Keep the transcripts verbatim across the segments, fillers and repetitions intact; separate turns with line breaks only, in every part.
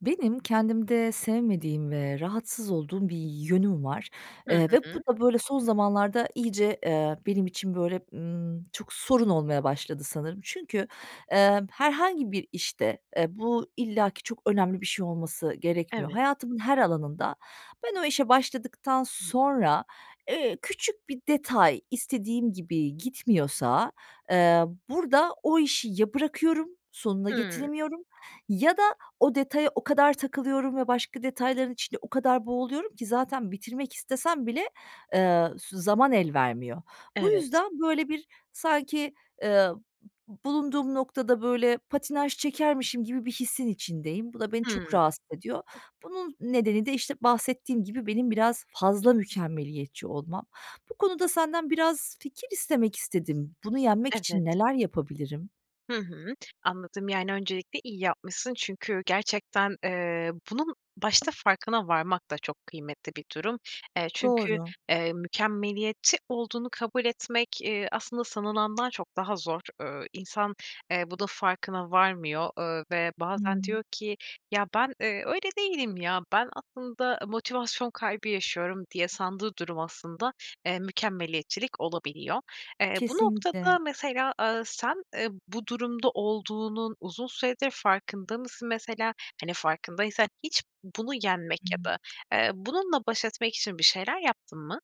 Benim kendimde sevmediğim ve rahatsız olduğum bir yönüm var,
Hı
eee, ve bu
hı.
da, böyle, son zamanlarda iyice, eee, benim için, böyle, ımm, çok sorun olmaya başladı sanırım. Çünkü, emm, herhangi bir işte, eee, bu illaki çok önemli bir şey olması gerekmiyor.
Evet.
Hayatımın her alanında ben o işe başladıktan sonra, eee, küçük bir detay istediğim gibi gitmiyorsa, eee, burada o işi ya bırakıyorum, sonuna
Hımm.
getiremiyorum ya da o detaya o kadar takılıyorum ve başka detayların içinde o kadar boğuluyorum ki zaten bitirmek istesem bile, eee, su zaman elvermiyor. Bu
Evet.
yüzden, böyle, bir sanki, eee, bulunduğum noktada, böyle, patinaj çekermişim gibi bir hissin içindeyim. Bu da beni çok
Hımm.
rahatsız ediyor. Bunun nedeni de, işte, bahsettiğim gibi benim biraz fazla mükemmeliyetçi olmam. Bu konuda senden biraz fikir istemek istedim. Bunu yenmek
Evet.
için neler yapabilirim?
Hı hı. Anladım, yani, öncelikle iyi yapmışsın çünkü gerçekten, eee, bunun başta farkına varmak da çok kıymetli bir durum. Eee, çünkü,
Doğru.
eee, mükemmeliyetçi olduğunu kabul etmek, eee, aslında, sanılandan çok daha zor. Iıı, insan, eee, bunun farkına varmıyor, ııı, ve bazen
Hımm.
diyor ki: "Ya, ben, eee, öyle değilim ya, ben, aslında, motivasyon kaybı yaşıyorum." diye sandığı durum aslında, eee, mükemmeliyetçilik olabiliyor. Eee, bu
Kesinlikle.
noktada, mesela, aaa, sen, eee, bu durumda olduğunun uzun süredir farkında mısın mesela, hani, farkındaysan hiç bunu yenmek ya
Hımm.
da, eee, bununla baş etmek için bir şeyler yaptın mı?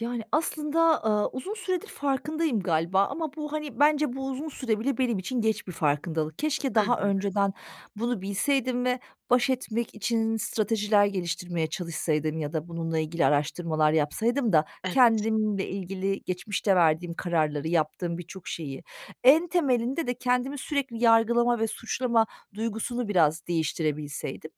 Yani, aslında, aaa, uzun süredir farkındayım galiba ama bu, hani, bence bu uzun süre bile benim için geç bir farkındalık. Keşke
Hı
daha
hı.
önceden bunu bilseydim ve baş etmek için stratejiler geliştirmeye çalışsaydım ya da bununla ilgili araştırmalar yapsaydım da
Evet.
kendimle ilgili geçmişte verdiğim kararları, yaptığım birçok şeyi. En temelinde de kendimi sürekli yargılama ve suçlama duygusunu biraz değiştirebilseydim.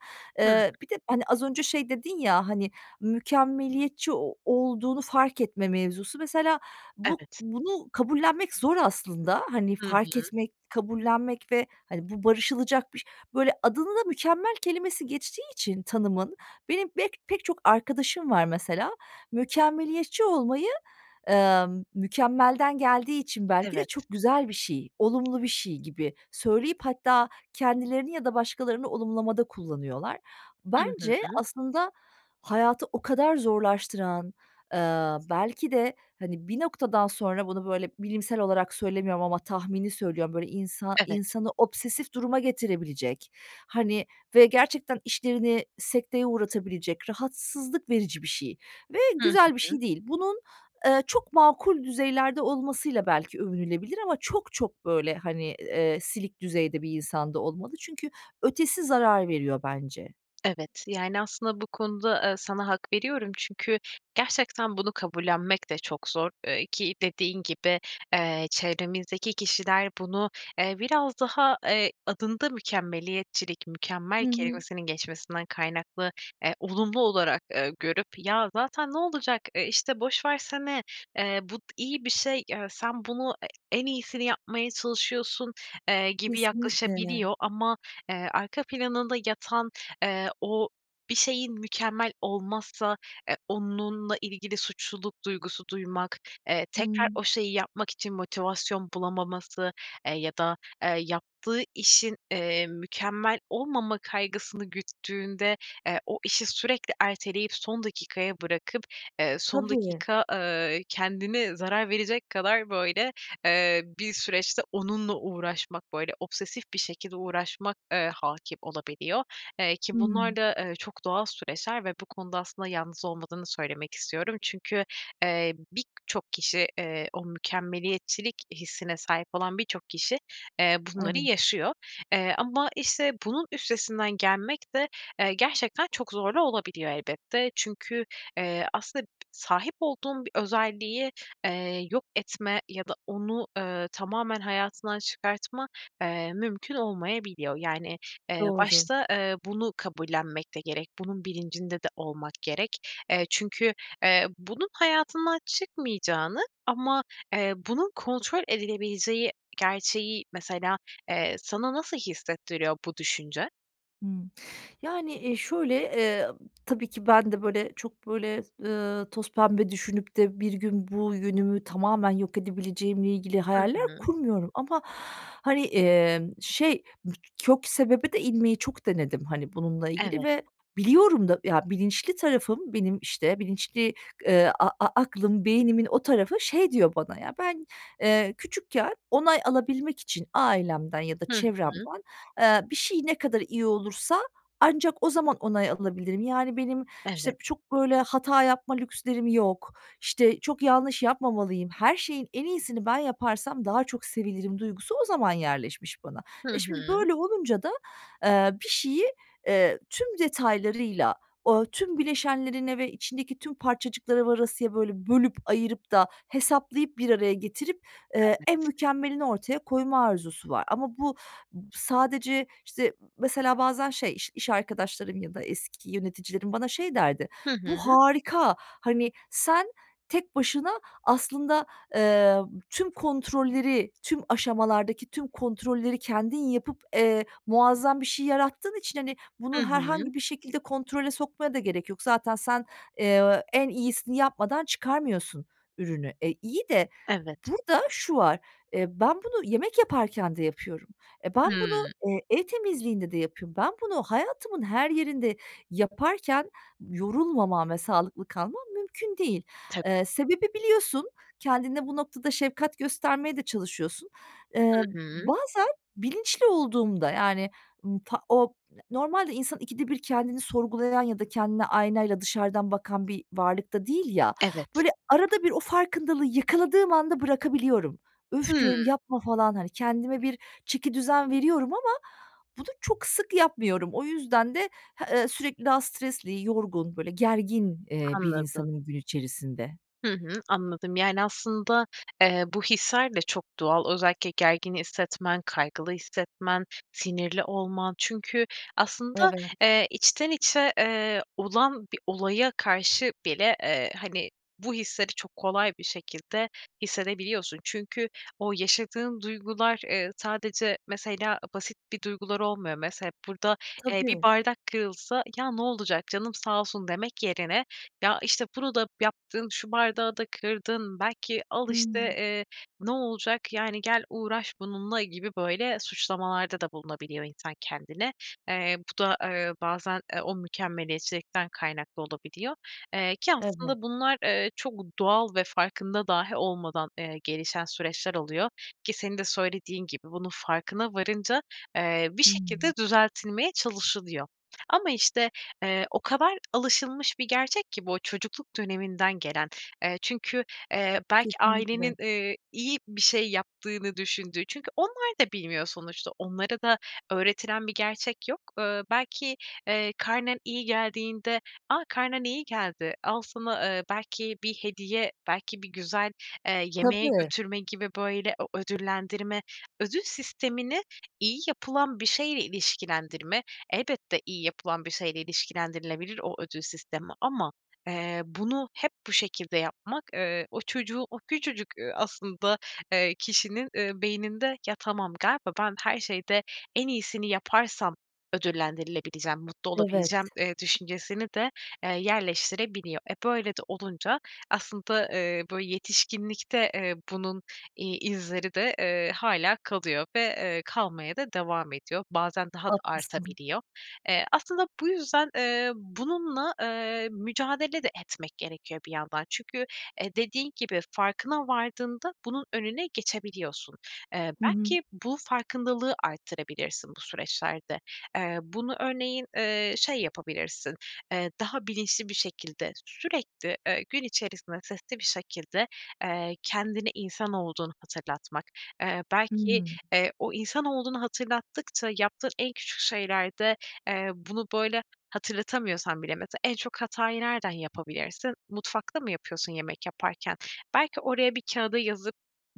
Hımm.
Eee, bir de, hani, az önce şey dedin ya, hani, "Mükemmeliyetçi o olduğunu fark etme mevzusu." Mesela bu
Evet.
bunu kabullenmek zor aslında. Hani,
Hı
fark
hı.
etmek, kabullenmek ve, hani, bu barışılacak biş Böyle adını da mükemmel kelimesi geçtiği için tanımın, benim bek pek çok arkadaşım var mesela, mükemmeliyetçi olmayı, emm, mükemmelden geldiği için belki de
Evet.
çok güzel bir şey, olumlu bir şey gibi söyleyip, hatta kendilerini ya da başkalarını olumlamada kullanıyorlar.
Hı
Bence
hı.
aslında hayatı o kadar zorlaştıran, ııı, belki de, hani, bir noktadan sonra bunu böyle bilimsel olarak söylemiyorum ama tahmini söylüyorum, böyle insa
Evet.
insanı obsesif duruma getirebilecek, hani, ve gerçekten işlerini sekteye uğratabilecek, rahatsızlık verici bir şey ve
Hı
güzel bir
hı.
şey değil. Bunun, eee, çok makul düzeylerde olmasıyla belki övünülebilir ama çok, çok, böyle, hani, eee, silik düzeyde bir insan da olmalı çünkü ötesi zarar veriyor bence.
Evet, yani, aslında, bu konuda, eee, sana hak veriyorum. Çünkü gerçekten bunu kabullenmek de çok zor. Eee, ki dediğin gibi, eee, çevremizdeki kişiler bunu, eee, biraz daha, eee, adında mükemmeliyetçilik, mükemmel
Hı hı.
kelimesinin geçmesinden kaynaklı, eee, olumlu olarak, eee, görüp: "Ya zaten ne olacak, eee, işte, boş versene, eee, bu t iyi bir şey, eee, sen bunu e en iyisini yapmaya çalışıyorsun." eee, gibi
Kesinlikle. [unintelligible]
yaklaşabiliyor. Ama, eee, arka planında yatan, eee, o bir şeyin mükemmel olmazsa, eee, onunla ilgili suçluluk duygusu duymak. Eee, tekrar
Hımm.
o şeyi yapmak için motivasyon bulamaması, eee, ya da, eee, yaptığı işin, eee, mükemmel olmama kaygısını güttüğünde, eee, o işi sürekli erteleyip son dakikaya bırakıp, eee, son
Tabii.
dakika, eee, kendine zarar verecek kadar böyle, eee, bir süreçte onunla uğraşmak, böyle obsesif bir şekilde uğraşmak, eee, hâkim olabiliyor. Eee, ki bunlar
Hımm.
da, eee, çok doğal süreçler ve bu konuda aslında yalnız olmadığını söylemek istiyorum. Çünkü, eee, birçok kişi, eee, o mükemmeliyetçilik hissine sahip olan birçok kişi, eee, bunları
Evet.
yaşıyor. Eee, ama, işte, bunun üstesinden gelmek de, eee, gerçekten çok zorlu olabiliyor elbette. Çünkü, eee, aslında sahip olduğun bir özelliği, eee, yok etme ya da onu, ııı, tamamen hayatından çıkartma, eee, mümkün olmayabiliyor. Yani, eee,
Doğru.
başta, eee, bunu kabullenmek de gerek. Bunun bilincinde de olmak gerek. Eee, çünkü, eee, bunun hayatından çıkmayacağını ama, eee, bunun kontrol edilebileceği gerçeği, mesela, eee, sana nasıl hissettiriyor bu düşünce?
Hımm. Yani, eee, şöyle, eee, ı tabii ki ben de, böyle, çok, böyle, ııı, tozpembe düşünüp de bir gün bu yönümü tamamen yok edebileceğimle ilgili
Hı
hayaller
hı.
kurmuyorum ama, hani, emm, şey, [unintelligible] kök sebebe de inmeyi çok denedim, hani, bununla ilgili
Evet.
ve biliyorum da. Ya, bilinçli tarafım, benim, işte, bilinçli, eee, a a aklım, beynimin o tarafı şey diyor bana: "Ya, ben, eee, küçükken onay alabilmek için ailemden ya da
Hı hı.
çevremden, eee, bir şey ne kadar iyi olursa ancak o zaman onay alabilirim." Yani benim, işte,
Evet.
çok, böyle, hata yapma lükslerim yok. "İşte, çok yanlış yapmamalıyım, her şeyin en iyisini ben yaparsam daha çok sevilirim." duygusu o zaman yerleşmiş bana.
Hı
E, şimdi
hı.
böyle olunca da, eee, bir şeyi, eee, tüm detaylarıyla, o tüm bileşenlerine ve içindeki tüm parçacıklara varasıya, böyle, bölüp, ayırıp da hesaplayıp, bir araya getirip, eee, en
Evet.
mükemmelini ortaya koyma arzusu var. Ama bu b sadece, işte, m mesela, bazen şey, iş iş arkadaşlarım ya da eski yöneticilerim bana şey derdi:
Hı
"Bu
hı.
harika. Hani, sen tek başına aslında, eee, tüm kontrolleri, tüm aşamalardaki tüm kontrolleri kendin yapıp, eee, muazzam bir şey yarattığın için, hani,
Hı
bunu
hı.
herhangi bir şekilde kontrole sokmaya da gerek yok. Zaten sen, eee, en iyisini yapmadan çıkarmıyorsun ürünü." E, iyi de
Evet.
burada şu var, eee, ben bunu yemek yaparken de yapıyorum. E, ben bunu,
Hımm.
eee, ev temizliğinde de yapıyorum. Ben bunu hayatımın her yerinde yaparken yorulmamam ve sağlıklı kalmam mümkün değil.
Tabii.
Eee, sebebi biliyorsun, kendine bu noktada şefkat göstermeye de çalışıyorsun.
Hı
Eee, b
hı.
bazen bilinçli olduğumda, yani, ımm, ta om normalde insan ikide bir kendini sorgulayan ya da kendine aynayla dışarıdan bakan bir varlık da değil ya,
Evet.
böyle, arada bir o farkındalığı yakaladığım anda bırakabiliyorum. "Öf!" diyorum,
Hımm.
"Yapma!" falan, hani, kendime bir çekidüzen veriyorum ama bunu çok sık yapmıyorum. O yüzden de ha eee, sürekli daha stresli, yorgun, böyle, gergin, eee, bir
Anladım.
insanım gün içerisinde.
Hı hı, anladım, yani, aslında, eee, bu hisler de çok doğal. Özellikle gergin hissetmen, kaygılı hissetmen, sinirli olman. Çünkü aslında,
Evet.
eee, içten içe, eee, olan bir olaya karşı bile, eee, hani, bu hisleri çok kolay bir şekilde hissedebiliyorsun. Çünkü o yaşadığın duygular, eee, sadece, mesela, basit bir duygular olmuyor. Mese hep burada, eee, bir
Tabii.
bardak kırılsa "Ya, ne olacak canım sağ olsun." demek yerine "Ya, işte, bunu da yaptın, şu bardağı da kırdın." belki "Al, işte,
Hıı.
eee, ne olacak, yani, gel uğraş bununla." gibi böyle suçlamalarda da bulunabiliyor insan kendine. Eee, bu da, eee, bazen, eee, o mükemmeliyetçilikten kaynaklı olabiliyor. Eee, ki
Evet.
aslında bunlar, eee, çok doğal ve farkında dâhi olmadan, eee, gelişen süreçler oluyor. Ki senin de söylediğin gibi bunun farkına varınca, eee, bir
Hıı.
şekilde düzeltilmeye çalışılıyor. Ama işte, eee, o kadar alışılmış bir gerçek ki bu, çocukluk döneminden gelen. Eee, çünkü, eee, belki ailenin,
Kesinlikle.
ııı, iyi bir şey yaptığını düşündüğü. Çünkü onlar da bilmiyor sonuçta. Onlara da öğretilen bir gerçek yok. Iıı, belki, eee, karnen iyi geldiğinde, "A, karnen iyi geldi, al sana, eee, belki bir hediye." belki bir güzel, eee, yemeğe
Tabii.
götürme gibi, böyle, o ödüllendirme, ödül sistemini iyi yapılan bir şeyle ilişkilendirme. Elbette iyi yapılan bir şeyle ilişkilendirilebilir o ödül sistemi ama, eee, bunu hep bu şekilde yapmak, eee, o çocuğu, o küçücük, eee, aslında, eee, kişinin, ııı, beyninde "Ya, tamam galiba ben her şeyde en iyisini yaparsam ödüllendirilebileceğim, mutlu
Evet.
olabileceğim." eee, düşüncesini de, eee, yerleştirebiliyor. Eee, böyle de olunca aslında, ııı, bu yetişkinlikte, eee, bunun, iii, izleri de, eee, hâlâ kalıyor ve, eee, kalmaya da devam ediyor. Bazen daha da
Haklısın.
artabiliyor. Eee, aslında bu yüzden, eee, bununla, eee, mücadele de etmek gerekiyor bir yandan. Çünkü, eee, dediğin gibi farkına vardığında bunun önüne geçebiliyorsun. Eee,
Hı hı.
belki bu farkındalığı arttırabilirsin bu süreçlerde. Eee, bunu örneğin, eee, şey yapabilirsin, eee, daha bilinçli bir şekilde, sürekli, eee, gün içerisinde sesli bir şekilde, eee, kendine insan olduğunu hatırlatmak. Eee, belki,
Hıı.
eee, o insan olduğunu hatırlattıkça yaptığın en küçük şeylerde, eee, bunu böyle hatırlatamıyorsan bile mesela en çok hatayı nereden yapabilirsin? Mutfakta mı yapıyorsun yemek yaparken? Belki oraya, bir kâğıda yazıp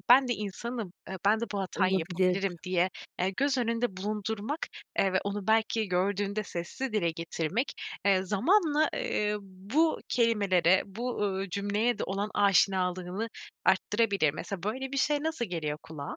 "Ben de insanım, eee, ben de bu hatayı
Olabilir.
yapabilirim." diye, eee, göz önünde bulundurmak, eee, ve onu belki gördüğünde sesli dile getirmek, eee, zamanla, ııı, bu kelimelere, bu, uuu, cümleye de olan aşinalığını arttırabilir. Mesela böyle bir şey nasıl geliyor kulağa?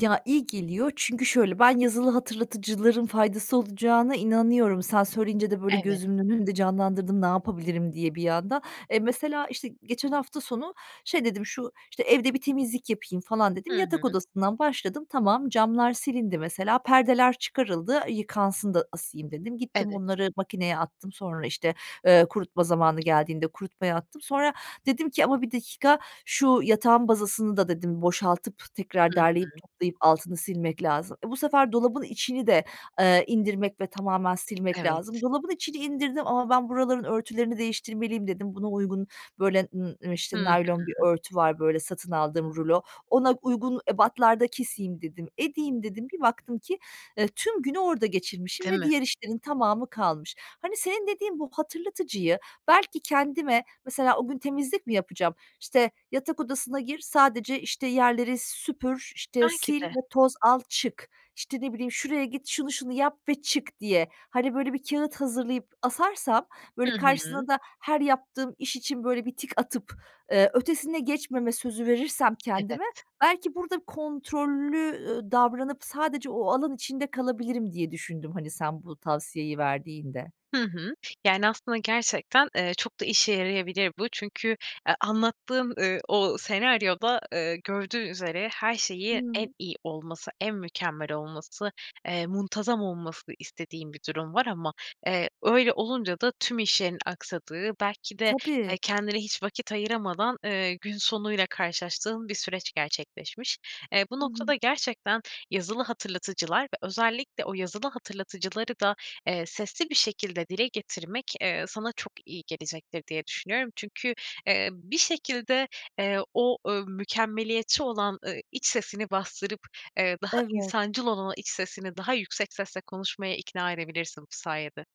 Ya, iyi geliyor çünkü, şöyle, ben yazılı hatırlatıcıların faydası olacağına inanıyorum. Sen söyleyince de, böyle,
Evet.
gözümün önünde canlandırdım ne yapabilirim diye bir anda. E, mesela, işte, geçen hafta sonu şey dedim, "Şu, işte, evde bir temizlik yapayım." falan dedim.
Hı hı.
Yatak odasından başladım. Tamam, camlar silindi mesela. Perdeler çıkarıldı, "Yıkansın da asayım." dedim. Gittim
Evet.
onları makineye attım. Sonra, işte, eee, kurutma zamanı geldiğinde kurutmaya attım. Sonra dedim ki, "Ama bir dakika, şu yatağın bazasını da" dedim, "boşaltıp tekrar
Hı
derleyip
hı.
toplayıp altını silmek lazım." E, bu sefer dolabın içini de, eee, indirmek ve tamamen silmek
Evet.
lazım. Dolabın içini indirdim ama, "Ben buraların örtülerini değiştirmeliyim." dedim. Buna uygun, böyle, ııı, emm işte,
Hı
naylon bir
hı.
örtü var, böyle, satın aldığım rulo. "Ona uygun ebatlarda keseyim." dedim, "Edeyim." dedim. Bir baktım ki, eee, tüm günü orada geçirmişim
Değil
ve
mi?
diğer işlerin tamamı kalmış. Hani, senin dediğin bu hatırlatıcıyı belki kendime mesela, o gün temizlik mi yapacağım, işte, "Yatak odasına gir, sadece, işte, yerleri süpür, işte,
[unintelligible] ki
sil
de.
ve toz al, çık." İşte, ne bileyim, "Şuraya git, şunu şunu yap ve çık." diye, hani, böyle bir kâğıt hazırlayıp asarsam,
Hı
böyle,
hı.
karşısına da her yaptığım iş için, böyle, bir tik atıp, eee, ötesine geçmeme sözü verirsem kendime;
Evet.
belki burada kontrollü, ııı, davranıp sadece o alan içinde kalabilirim diye düşündüm, hani, sen bu tavsiyeyi verdiğinde.
Hı hı. Yani, aslında, gerçekten, eee, çok da işe yarayabilir bu çünkü, eee, anlattığın, eee, o senaryoda, eee, gördüğü üzere her şeyi en
Hımm.
iyi olması, en mükemmel olması, eee, muntazam olmasını istediğin bir durum var. Ama, eee, öyle olunca da tüm işlerin aksadığı, belki de,
Tabii.
eee, kendine hiç vakit ayıramadan, eee, gün sonu ile karşılaştığın bir süreç gerçekleşmiş. Eee, bu
Hı hı.
noktada gerçekten yazılı hatırlatıcılar ve özellikle o yazılı hatırlatıcıları da, eee, sesli bir şekilde dile getirmek, eee, sana çok iyi gelecektir diye düşünüyorum. Çünkü, eee, bir şekilde, eee, o, ööö, mükemmeliyetçi olan, ııı, iç sesini bastırıp, eee, daha
Evet.
insancıl olan o iç sesini daha yüksek sesle konuşmaya ikna edebilirsin bu sayede.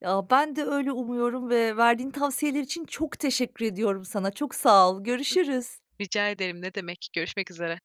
Ya, ben de öyle umuyorum ve verdiğin tavsiyeler için çok teşekkür ediyorum sana. Çok sağ ol,
Hı hı.
görüşürüz.
Rica ederim, ne demek. Görüşmek üzere.